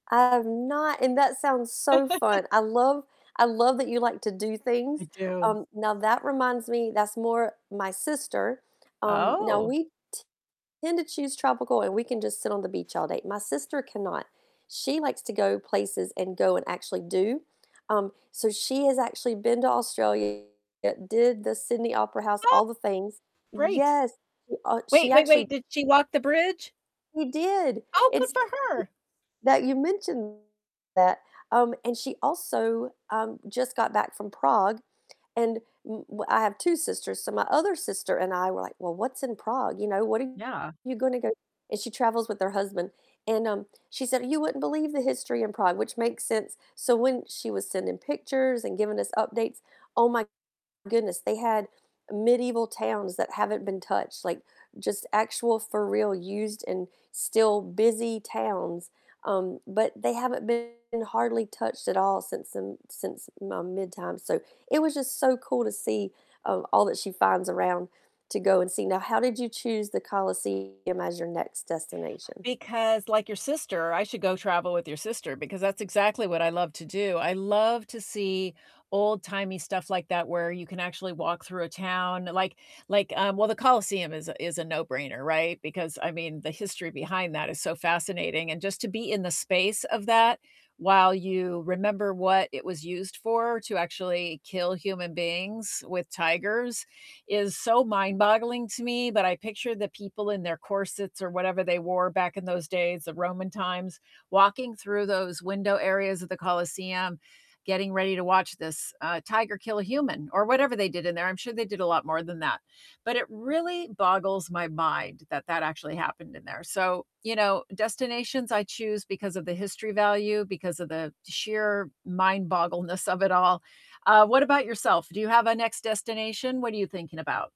I have not, and that sounds so fun. I love I love that you like to do I things, do. um, now that reminds me that's more my sister, um, now Oh. we t tend to choose tropical, and we can just sit on the beach all day, my sister can not, she likes to go places and go and actually do. Um, so she has actually been to Australia, did the Sydney Oh Opera House, all the things Great. yes, she, uh she Wait, wait, actually wait, did she walk the bridge? We did. Oh, good It's for her. [unintelligible] that you mentioned that. Um, and she also, um, just got back from Prague, and w w I have 2 sisters, so my other sister and I were like, "Well, what's in Prague?" You know, "What are Yeah. you gonna go" and she travels with her husband, and, um, she said, "You wouldn't believe the history in Prague," which makes sense. So when she was sending pictures and giving us updates, oh my goodness, they had medieval towns that haven't been touched, like, just actual for real used and still busy towns, um, but they haven't been hardly touched at all since then since, um, mid-time, so it was just so cool to see, um, all that she finds around to go and see. Now, how did you choose the Colosseum as your next destination? Because, like your sister, I should go travel with your sister, because that's exactly what I love to do. I love to see old-timey stuff like that where you can actually walk through a town. Like like, um, well, the Colosseum is a is a no-brainer, right? Because, I mean, the history behind that is so fascinating, and just to be in the space of that while you remember what it was used for- to actually kill human beings with tigers- is so mind-boggling to me, but I picture the people in their corsets or whatever they wore back in those days, the Roman times, walking through those window areas of the Colosseum, getting ready to watch this, uh, tiger kill a human, or whatever they did in there, I'm sure they did a lot more than that. But it really boggles my mind that that actually happened in there. So, you know, destinations I choose because of the history value, because of the sheer mind-boggleness of it all. Uh, what about yourself? Do you have a next destination? What are you thinking about?